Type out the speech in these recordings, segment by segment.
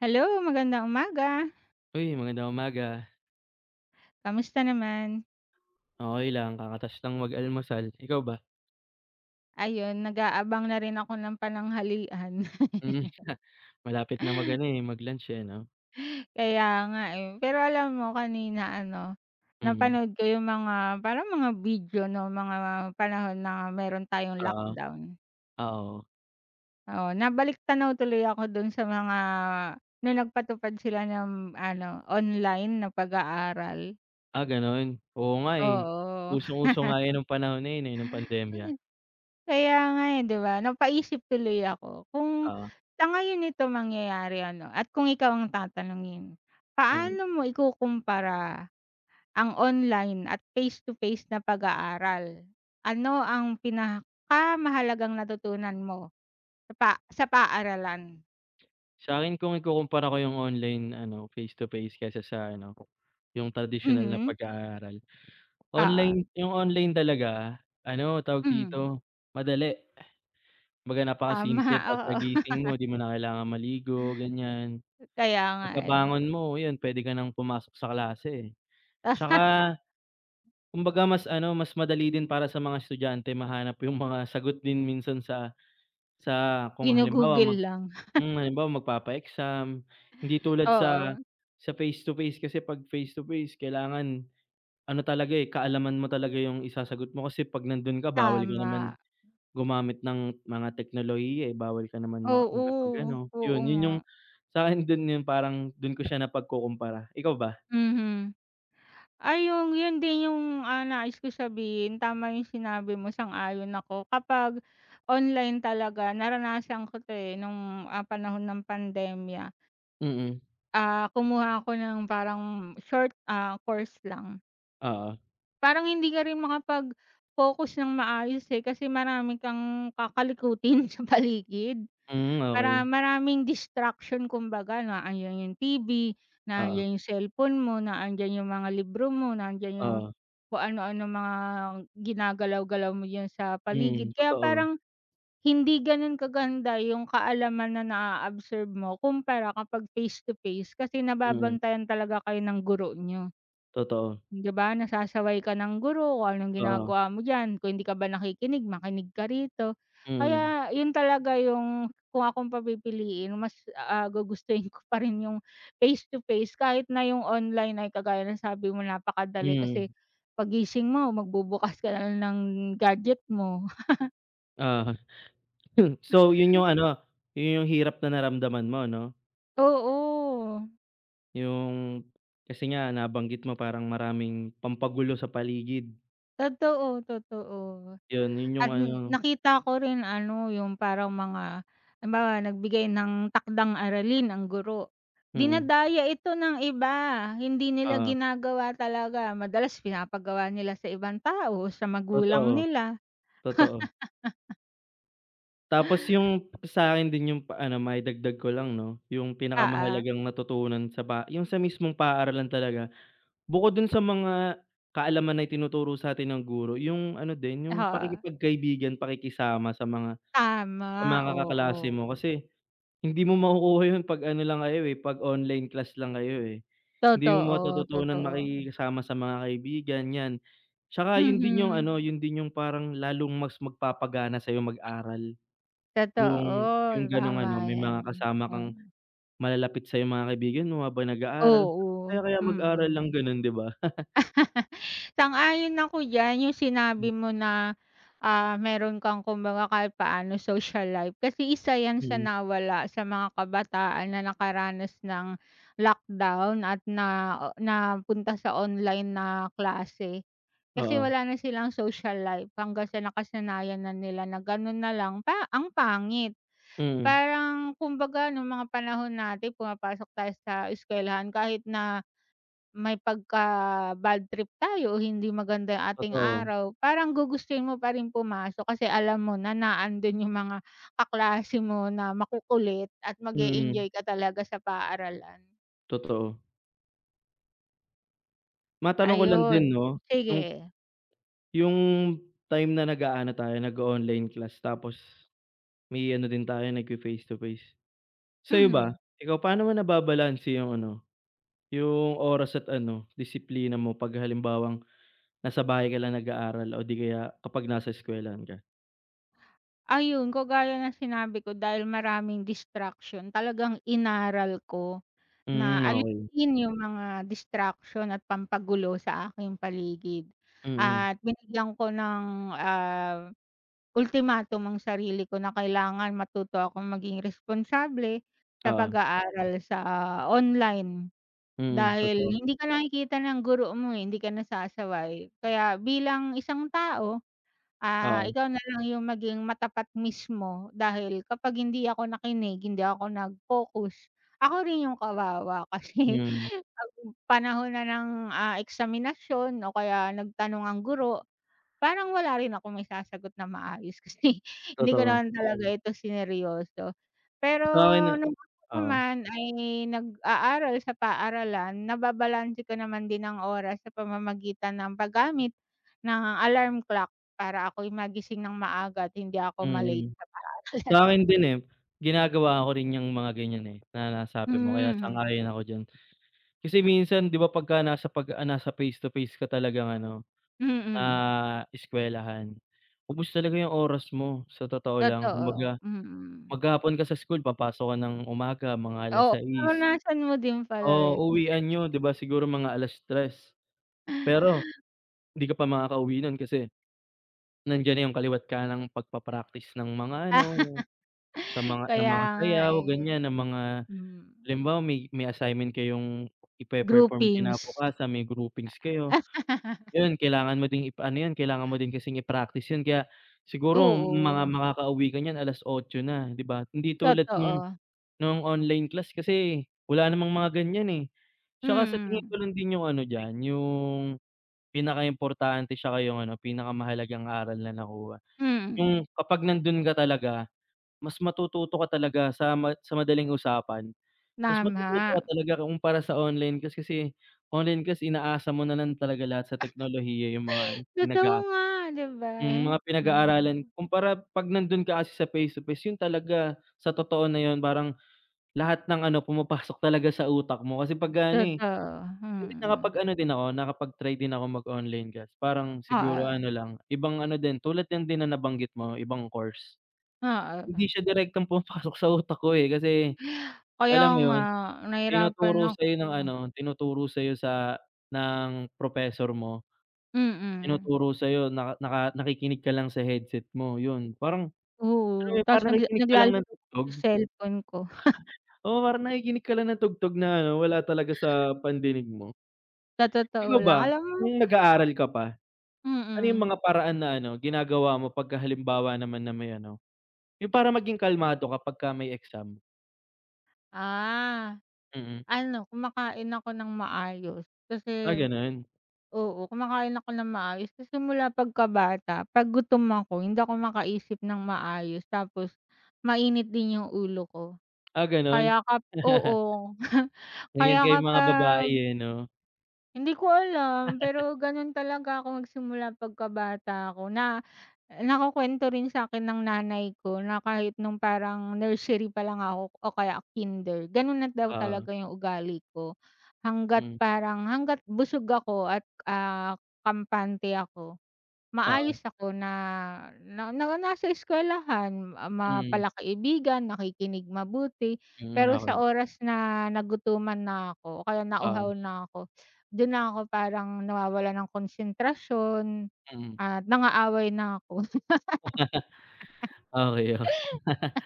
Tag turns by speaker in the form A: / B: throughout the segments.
A: Hello, magandang umaga!
B: Uy, magandang umaga!
A: Kamusta naman?
B: Okey lang, kakata's lang mag almusal, ikaw ba?
A: Ayun nag-aabang na rin ako ng pananghalian.
B: Hmm, ah, malapit na mag ano, eh, mag-lunch, eh, 'no.
A: Kaya nga, eh, pero alam mo kanina ano
B: Mhm.
A: napanood ko yung mga parang mga video, 'no, mga panahon na meron tayong
B: Ah.
A: lockdown.
B: Ah, oo.
A: Oo, na balik-tanaw tuloy ako dun sa mga nung nagpatupad sila ng ano online na pag-aaral.
B: Ah, gano'n? Oo nga, eh,
A: Oo.
B: usong-uso nga yun nung panahon na yun, eh, nung pandemya.
A: Ay, kaya nga, eh, 'di ba, napaisip tuloy ako kung
B: Oo.
A: sa ngayon ito mangyayari ano, at kung ikaw ang tatanungin,
B: Mhm.
A: paano mo ikukumpara, ang online at face to face na pag-aaral? Ano ang pinakamahalagang natutunan mo sa pa sa paaralan?
B: Sa'kin kung ikukumpara ko yung online ano, face to face kaysa sa ano, yung tradisyonal na
A: Mhm.
B: pag-aaral,
A: Oo.
B: online yung online talaga ano, tawag
A: Mhm.
B: dito madali, 'baga
A: Tama,
B: napakasimple,
A: oo.
B: pagka-gising mo 'di mo na kailangang maligo ganyan.
A: Kaya nga eh.
B: Pagkabangon mo 'yun pwede ka nang pumasok sa klase, 'tsaka kumbaga mas ano, mas madali din para sa mga estudyante mahanap yung mga sagot din minsan sa sa kung halimbawa
A: Gino-Google
B: mag
A: lang.
B: hmm, halimbawa magpapa-exam hindi tulad sa
A: Oo.
B: sa face to face kasi 'pag face to face kailangan ano talaga, eh, kaalaman mo talaga yung isasagot mo kasi 'pag nandun ka bawal ka
A: Tama.
B: naman gumamit ng mga teknolohiya, eh, bawal ka naman ma
A: Oo,
B: makapag-ano
A: oo
B: 'yon, yun yung
A: nga.
B: sakin dun yung, parang dun ko siya napagkukumpara, ikaw ba?
A: Mhm. Ay, yung yun din yung, ah, nais ko sabihin tama yung sinabi mo, sang-ayon ako, kapag "online talaga" naranasan ko 'to eh, nung, ah, panahon ng pandemya.
B: Mm.
A: Ah, kumuha ako ng parang short, ah, course lang.
B: Oo.
A: Parang hindi ka rin makapag-focus ng maayos eh. Kasi marami kang kakalikutin sa paligid
B: Hmm,
A: para
B: okey.
A: maraming distraction. Kumbaga na andyan yung TV,
B: Oo.
A: nandiyan yung cellphone mo, na andiyan yung mga libro mo, nandiyan yung
B: Oo.
A: kung anu-ano mga ginagalaw-galaw mo diyan sa paligid.
B: Mhm,
A: Kaya
B: totoo.
A: parang hindi ganun kaganda yung kaalaman na na absorb mo kumpara kapag face-to-face kasi
B: Mhm.
A: nababantayan talaga kayo ng guro niyo.
B: Totoo.
A: 'Di ba, nasasaway ka ng guro kung anong
B: Oo.
A: ginagawa mo diyan. Kung hindi ka ba nakikinig makinig ka rito.
B: Mhm.
A: Kaya yun talaga yung kung akong papipiliin mas ah, gugustuhin ko pa rin yung face-to-face kahit na yung online ay kagaya ng sabi mo napakadali kasi
B: Mhm.
A: paggising mo magbubukas ka na lang ng gadget mo.
B: Oo. so yun yung ano, yun yung hirap na naramdaman mo 'no?
A: Oo.
B: Yung, kasi nga nabanggit mo parang maraming pampagulo sa paligid.
A: Totoo, totoo
B: 'Yon, yun yung
A: at
B: ano
A: nakita ko rin ano, yung parang mga halimbawa, nagbigay ng takdang-aralin ang guro,
B: Mm.
A: dinadaya ito ng iba, hindi nila
B: Oo.
A: ginagawa talaga. Madalas pinapagawa nila sa ibang tao, sa magulang
B: Totoo.
A: nila.
B: Totoo. Tapos yung sakin din yung ano, maidagdag ko lang 'no, yung
A: Oo.
B: pinakamahalagang natutunan sa ba yung sa mismong paaralan talaga, bukod dun sa mga kaalaman na itinuturo sa atin ng guro, yung ano din, yung
A: Oo.
B: pakikipagkaibigan, pakikisama sa mga sa
A: Tama,
B: mga kaklase
A: oo.
B: mo kasi, hindi mo makukuha yun 'pag ano lang kayo, eh, 'pag online class lang kayo, eh. Hindi mo
A: Totoo,
B: matututunan
A: totoo.
B: makisama sa mga kaibigan, 'yan. 'Tsaka yun din yung
A: Mhm.
B: ano, yun din yung parang lalong mas magpapagana sayo mag-aral. Yung
A: Totoo,
B: yung gano'ng
A: tama
B: ano, may
A: 'yan,
B: mga kasama
A: 'no.
B: kang
A: Oo.
B: malalapit sayo, mga kaibigan mo, habang nag-aaral. Ang
A: Oo,
B: saya kaya mag-aral ng
A: mm.
B: ganun, 'di ba?
A: Sang-ayon ako diyan, yung
B: Hmm.
A: sinabi mo na, ah, meron kang kumbaga kahit paano social life, kasi isa 'yan sa
B: Mm.
A: nawala sa mga kabataan na nakaranas ng lockdown at nao napunta sa online na klase. Kasi
B: Oo.
A: wala na silang social life hanggang sa nakasanayan na nila na ganun na lang, pa ang pangit.
B: Mm.
A: Parang kumbaga nung mga panahon natin pumapasok tayo sa eskwelahan kahit na, may pagka-badtrip tayo o hindi maganda yung ating
B: Totoo.
A: araw, parang gugustuhin mo pa rin pumasok kasi alam mo na, na andun yung mga kaklase mo na makukulit at
B: Mm.
A: mag-e-enjoy ka talaga sa paaralan.
B: Totoo. Matanong ko lang din
A: Ayun,
B: 'no, nung
A: sige.
B: 'yung time na nag-aano tayo, nag-o-online class, tapos may ano din tayo, nagfe-face to face, sa'yo ba,
A: Mhm.
B: ikaw, paano mo nababalanse 'yung ano, 'yung oras at ano disiplina mo 'pag halimbawang nasa bahay ka lang nag-aaral o di kaya kapag nasa eskuwelahan ka?
A: Ayun kagaya ng sinabi ko dahil maraming distraction, talagang inaral ko, na
B: Hmm, okey.
A: alisin 'yung mga distraction at pampagulo sa aking paligid
B: Mhm.
A: at binigyan ko ng, ah, ultimatum ang sarili ko na kailangan matuto akong maging responsable sa
B: Oo.
A: pag-aaral sa online,
B: Mm,
A: dahil
B: totoo.
A: hindi ka nakikita ng guro mo, eh, hindi ka nasasaway, kaya bilang isang tao, ah,
B: Oo.
A: ikaw na lang 'yung maging matapat mismo dahil kapag hindi ako nakinig, hindi ako nag-focus, ako rin 'yung kawawa kasi,
B: Hmm.
A: 'pag panahon na ng, ah, eksaminasyon o kaya nagtanong ang guro, parang wala rin akong maisasagot na maayos kasi hindi ko
B: Totoo.
A: naman talaga ito sineryoso. Pero
B: Sa'kin na
A: nung
B: oo.
A: naman ay nag-aaral sa paaralan, nababalanse ko naman din ang oras sa pamamagitan ng paggamit ng alarm clock para ako'y magising ng maaga at hindi ako ma-late
B: Mhm.
A: sa
B: Sa
A: paaralan.
B: akin din eh, ginagawa ko rin yang mga ganiyan, eh, na
A: Hmm,
B: nasabi mo kaya
A: mhm.
B: sang-ayon ako diyan. Kasi minsan 'di ba, pagka nasa pag ah, nasa face to face ka talagang ano,
A: Mm.
B: ah, eskuwelahan ubos talaga 'yung oras mo, sa totoo lang, kumbaga
A: Totoo, mm.
B: maghapon ka sa school, papasok ka ng umaga mga alas
A: Oo
B: sais.
A: naranasan mo din pala
B: So
A: 'yun.
B: uwian niyo 'di ba siguro mga 3:00, pero 'di ka pa makakauwi nun kasi, nandiyan na 'yung kaliwa't-kanang pagpapractice ng mga ano, sa mga ng
A: Kaya
B: mga
A: nga,
B: sayaw
A: eh,
B: ganiyan, ng mga
A: hmm.
B: halimbawa may may assignment kayong ipe-perform
A: Groupings.
B: kinabukasan, may groupings kayo, 'yun kailangan mo din ipa ano 'yun, kailangan mo din kasing i-practice 'yun kaya siguro mga
A: Oo.
B: makakauwi ka niyan 8:00 na 'di ba? Hindi tulad nung
A: Totoo.
B: nung online class kasi wala namang mga ganiyan, eh, 'tsaka sa tingin ko
A: Mm.
B: lang din 'yung ano diyan 'yung, pinakaimportante 'tsaka 'yung ano, pinakamahalagang aral na nakuha,
A: Hmm, mm.
B: 'yung kapag nandun ka talaga mas matututo ka talaga sa ma sa madaling usapan, mas matututo
A: Tama.
B: ka talaga kumpara sa online class, kasi online kasi inaasa mo na lang talaga lahat sa teknolohiya 'yung mga ano pinag
A: Totoo
B: ah,
A: nga 'di ba, eh,
B: mga pinag-aaralan.
A: oo.
B: Kumpara 'pag nandun ka kasi sa face to face, 'yun talaga sa totoo na 'yun, parang lahat ng ano, pumapasok talaga sa utak mo kasi pagka ano, eh,
A: Totoo,
B: hindi
A: mhm.
B: nakapag-ano din ako, nakapag-try din ako mag-online class parang siguro ano
A: Oo.
B: lang, ibang ano din, tulad lang din na nabanggit mo ibang course.
A: Oo,
B: Hindi
A: ba.
B: siya direktong pumapasok sa utak ko, eh, kasi
A: Kaya
B: alam mo
A: nga
B: 'yun,
A: nahirapan
B: tinuturo sa'yo ng ano
A: ako.
B: tinuturo sayo sa ng professor mo,
A: Mm.
B: tinuturo sa'yo nak naka nakikinig ka lang sa headset mo, 'yon. Parang, alam mo
A: Oo
B: 'yun,
A: 'tas
B: parang
A: nagla
B: nakikinig ka lang
A: naglalaro
B: ng
A: ako
B: tugtog.
A: sa cellphone ko.
B: Oo parang nakikinig ka lang ng tugtog na ano, wala talaga sa pandinig mo.
A: Sa
B: Ikaw
A: totoo lang,
B: ba,
A: alam mo
B: nung nag-aaral ka pa, ano 'yung
A: Mm.
B: mga paraan na ano ginagawa mo 'pagka halimbawa naman na may ano, 'yung para maging kalmado ka pagka may exam?
A: Ah.
B: Mm.
A: Ano kumakain ako ng maayos
B: Ah,
A: kasi
B: ganun.
A: oo, kumakain ako ng maayos. Kasi simula pagkata pag gutom ako hindi ako makaisip ng maayos tapos mainit din yung ulo ko.
B: Ah, ganun.
A: Kaya ka oo,
B: Ganyan
A: kaya
B: kayong mga babae
A: kapag
B: eh, 'no.
A: Hindi ko alam, pero ganun talaga ako nagsimula pagkabata ako na nakukwento rin sa'kin ng nanay ko, na kahit nung parang nursery palang ako o kaya kinder gano'n na daw
B: Oo.
A: talaga yung ugali ko. Hangga't
B: Hmm.
A: parang, hangga't busog ako at ah, kampante ako.
B: Oo.
A: Maayos ako na na na nasa eskwelahan ma
B: Mm.
A: pala kaibigan, nakikinig mabuti
B: Hmm,
A: pero sa
B: okey.
A: oras na nagutuman na ako o kaya
B: Ah.
A: nauhaw na ako dun na ako parang nawawalan ng konsentrasyon
B: Mm.
A: at nang-aaway na ko.
B: Okey, okey.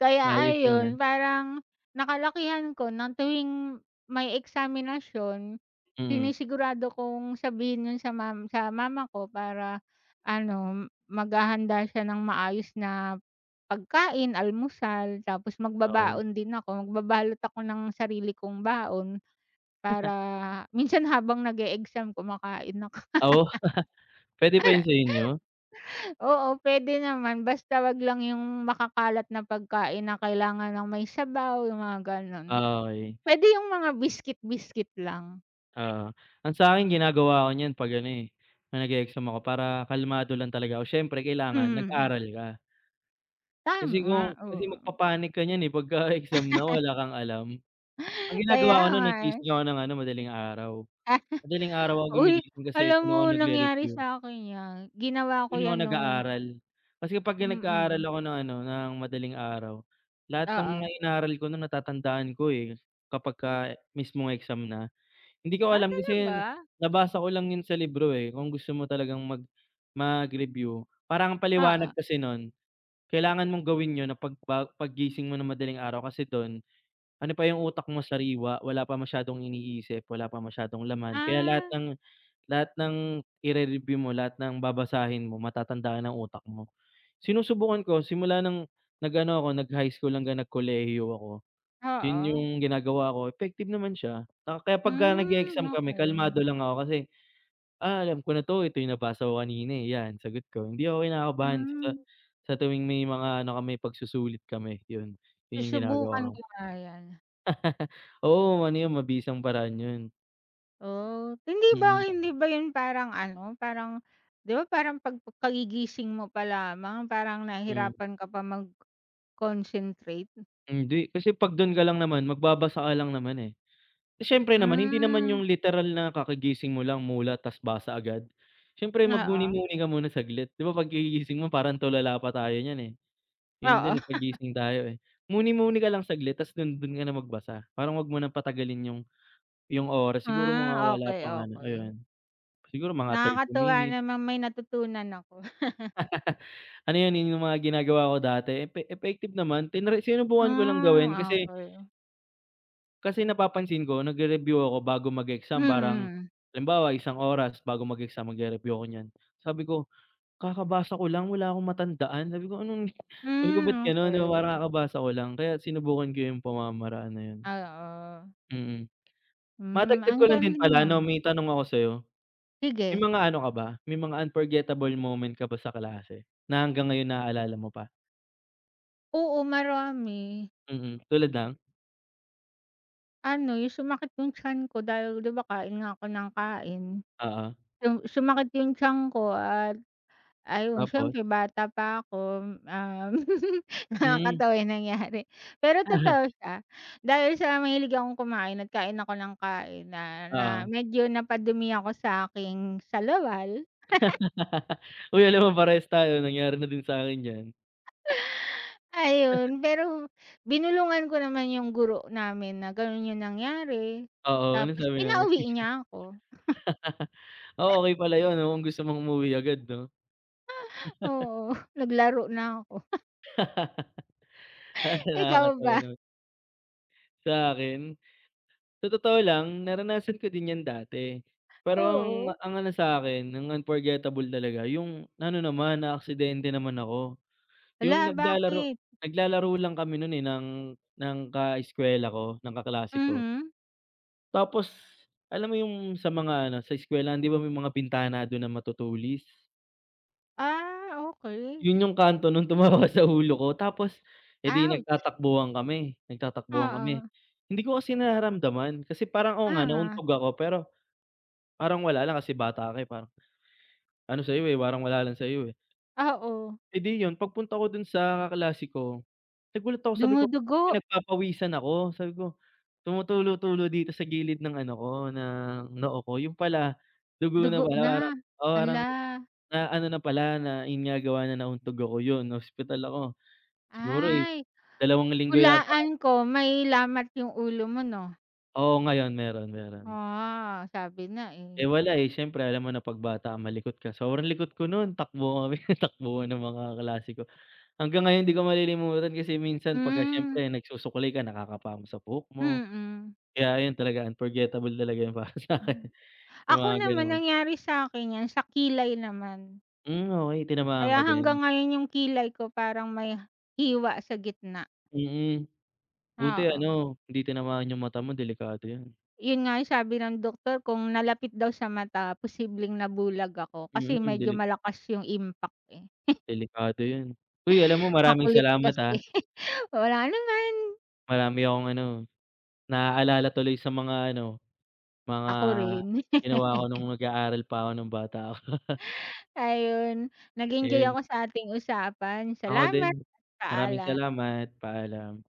A: Kaya
B: Ayos yun, ah.
A: ayon, parang nakalakihan ko ng tuwing may eksaminasyon
B: Mm.
A: sinisigurado kong sabihin yun sa ma sa mama ko para ano maghahanda siya ng maayos na pagkain, almusal tapos
B: Okey.
A: magbabaon din ako. Magbabalot ako ng sarili kong baon para minsan habang nag-eexam kumakain ako.
B: Oo. Pwede pa yun sa inyo?
A: Oo, pwede naman basta wag lang yung makakalat na pagkain na kailangan ng may sabaw, yung mga ganun.
B: Ah, okey.
A: Pwede yung mga biskit biskit lang.
B: Oo, ang sa'kin ginagawa 'ko niyan 'pag ano, eh, 'pag nag-e-exam ako para kalmado lang talaga 'ko, siyempre kailangan
A: Mhm.
B: nag-aral ka. Kasi kung
A: Tama,
B: kasi
A: oo.
B: magpa-panic ka niyan, eh, pagka exam na wala kang alam. Ang
A: Kaya
B: ginagawa ko no'n,
A: nga, eh.
B: nagising ako nang ano, madaling araw. Madaling araw ako
A: Uy,
B: gumigising kasi
A: alam
B: doon
A: mo,
B: ako
A: nangyari
B: nagre-review.
A: sa'kin 'yan ginawa ko
B: Do'n ako
A: 'yan no'ng
B: nag-aaral. Kasi pagka nag-aaral
A: Mm.
B: ako ng ano, ng madaling araw, lahat ng mga
A: Oo.
B: inaaral ko no'n natatandaan ko, eh, kapagka mismong exam na. Hindi ko
A: Ah,
B: alam, kasi 'yan,
A: talaga?
B: nabasa ko lang 'yun sa libro, eh, kung gusto mo talagang mag mag-review parang ang paliwanag
A: Oo.
B: kasi no'n, kailangan mong gawin 'yun na pagba paggising mo ng madaling araw, kasi do'n, ano pa 'yung utak mo sariwa, wala pa masyadong iniisip, wala pa masyadong laman, kaya lahat
A: Ah.
B: ng lahat ng ire-review mo, lahat ng babasahin mo matatandaan ng utak mo. Sinusubukan ko simula ng nag-ano ako, nag-high school hanggang nagkolehiyo ako, 'yun
A: Oo.
B: 'yung ginagawa ko, effective naman siya, ah, kaya pagka
A: Hmm,
B: nag-e-exam kami
A: okey.
B: kalmado lang ako, kasi, "ah, alam ko na 'to, ito 'yung nabasa ko kanina, eh, 'yan sagot ko," hindi ako kinakabahan sa
A: Hmm.
B: sa tuwing may mga ano kami pagsusulit kami, 'yun, 'yun 'yung
A: Susubukan
B: ginagawa ko.
A: ko nga 'yan.
B: Oo, ano yun, mabisang paraan yun.
A: Oh, hindi ba
B: Mm.
A: hindi ba yun parang ano, parang ‘di ba, parang pagkagigising mo pa lamang parang
B: Mhm.
A: nahihirapan ka pa mag-concentrate?
B: Hindi, kasi ‘pag do'n ka lang naman, magbabasa ka lang naman, eh. Siyempre naman, hindi naman
A: Hmm.
B: yung literal na kakagising mo lang, mulat ta’s basa agad, siyempre
A: Oo.
B: magmuni-muni ka muna saglit. 'Di ba pagkagising mo parang tulala pa tayo niyan, eh, gano'n
A: Oo.
B: din paggising tayo, eh. Muni-muni ka lang saglit ta’s dun, dun ka na magbasa, parang 'wag mo nang patagalin yung yung oras. Siguro mga
A: Ah,
B: wala
A: okey,
B: pang ano,
A: okey.
B: ayun, siguro mga 30
A: Nakakatuwa
B: minutes.
A: naman, may natutunan ako.
B: Ano 'yan, yun yung mga ginagawa ko dati, epe effective naman, tinry sinubukan ko lang gawin
A: Ah,
B: kasi
A: okey.
B: kasi napapansin ko nagre-review ako bago mag-exam parang
A: Mm.
B: halimbawa, isang oras bago mag-exam, magre-review ako niyan, sabi ko, "Kakabasa ko lang, wala akong matandaan.” Sabi ko, anong sabi ko ba't
A: Hmm,
B: gano'n, parang
A: okey.
B: kakabasa ko lang, kaya sinubukan ko 'yung pamamaraan na ‘yon.
A: Oo.
B: Mm.
A: Hmm,
B: Madagdag
A: ang
B: ko lang din
A: galing
B: pala 'no,
A: naman.
B: may tanong ako sa'yo. May
A: Sige.
B: mga ano ka ba, may mga unforgettable moment ka ba sa klase, na hanggang ngayon naalala mo pa?
A: Oo, marami.
B: Mhm, tulad ng?
A: Ano, yung sumakit yung tiyan ko dahil, 'di ba, kain nga ako ng kain.
B: Oo.
A: Yung sumakit yung tiyan ko at ayun
B: Tapos?
A: siyempre bata pa akom, um,
B: Hmm.
A: nakakatawa yung nangyari, pero
B: Uh-huh.
A: totoo siya, dahil sa mahilig akong kumain, at kain ako nang kain na, na
B: Oo.
A: medyo napadumi ako sa'king salawal.
B: Uy, alam mo parehas tayo nangyari na din sa'kin 'yan.
A: Ayun pero binulungan ko naman yung guro namin na ganun yung nangyari,
B: Oo, anong
A: tapos
B: sabi ng
A: pinauwi
B: teacher?
A: niya ako.
B: Oh, okey pala yun, 'no, kung gusto mong umuwi agad, 'no?
A: Oo, naglaro na 'ko.
B: Talagang
A: Ikaw
B: nakakatawa,
A: ba?
B: 'no. Sa akin sa totoo lang naranasan ko din 'yan dati, perong
A: Oo.
B: ang ano sa'kin, ang unforgettable talaga yung ano naman, naaksidente naman ako, yung
A: Hala,
B: naglalaro
A: bakit?
B: naglalaro lang kami nun, eh, ng ng kaeskuwela ko, ng kaklase ko.
A: Mhm.
B: Tapos, alam mo yung sa mga ano, sa eskwelahan, 'di ba may mga bintana dun na matutulis.
A: Ah, okey.
B: Yun yung kanto nung tumama sa ulo ko. Tapos, eh, 'di
A: Ouch.
B: nagtatakbuhan kami, nagtatakbuhan kami,
A: Oo.
B: hindi ko kasi nararamdaman kasi parang, oo nga,
A: Oo.
B: nauntog ako pero, parang wala lang, kasi, bata ka, eh, parang ano sa'yo, eh, parang wala lang sa'yo, eh.
A: Oo.
B: Eh, 'di yun pagpunta ko dun sa kaklase ko, nagulat ako sabi ko,
A: Dumudugo.
B: “Pinagpapawisan ako." Sabi ko, "tumutulo-tulo dito sa gilid ng ano ko, ng noo ko.” Yun pala, dugo na
A: Dugo
B: pala, parang
A: na,
B: o parang
A: hala.
B: na ano na pala, na ayun nga gawa ng nauntog ako. Yun, na-ospital ako siguro, eh,
A: Ay,
B: dalawang linggo yata.
A: hulaan ko may lamat yung ulo mo 'no?
B: Oo, ngayon meron, meron.
A: Ah, sabi na, eh.
B: Eh, wala, eh, syempre alam mo na 'pag bata malikot ka. Sobrang likot ko nun takbuhan kami, takbuhan kami ng mga klase ko. Hanggang ngayon 'di ko malilimutan kasi minsan pagka
A: Hmm.
B: siyempre nagsusuklay ka, nakakapa mo sa buhok mo,
A: Mm.
B: kaya yun talaga unforgettable talaga yun para sa akin,
A: Mhm.
B: yung
A: Ako,
B: mga
A: naman
B: ganun.
A: nangyari sa'kin 'yan, sa kilay naman.
B: Hmm, okey, tinamaan ka
A: Kaya
B: din.
A: hanggang ngayon yung kilay ko parang may hiwa sa gitna.
B: Mm. Buti
A: Oo.
B: ano, hindi tinamaan yung mata mo, delikado yun.
A: Yun nga ang sabi ng doktor, kung nalapit daw sa mata posibleng nabulag ako, kasi
B: Mhm,
A: medyo
B: deli
A: malakas yung impact, eh.
B: delikado yun. Uy, alam mo, maraming
A: Makulit
B: salamat, ah.
A: kasi, walang anuman.
B: Marami akong ano, naalala tuloy sa mga ano, mga
A: Ako rin.
B: ginawa ko nung nag-aaral pa ako nung bata.
A: Ayun, nag-enjoy
B: Ayun.
A: ako sa ating usapan.
B: Ako din.
A: Salamat at
B: Maraming
A: paalam.
B: salamat, paalam.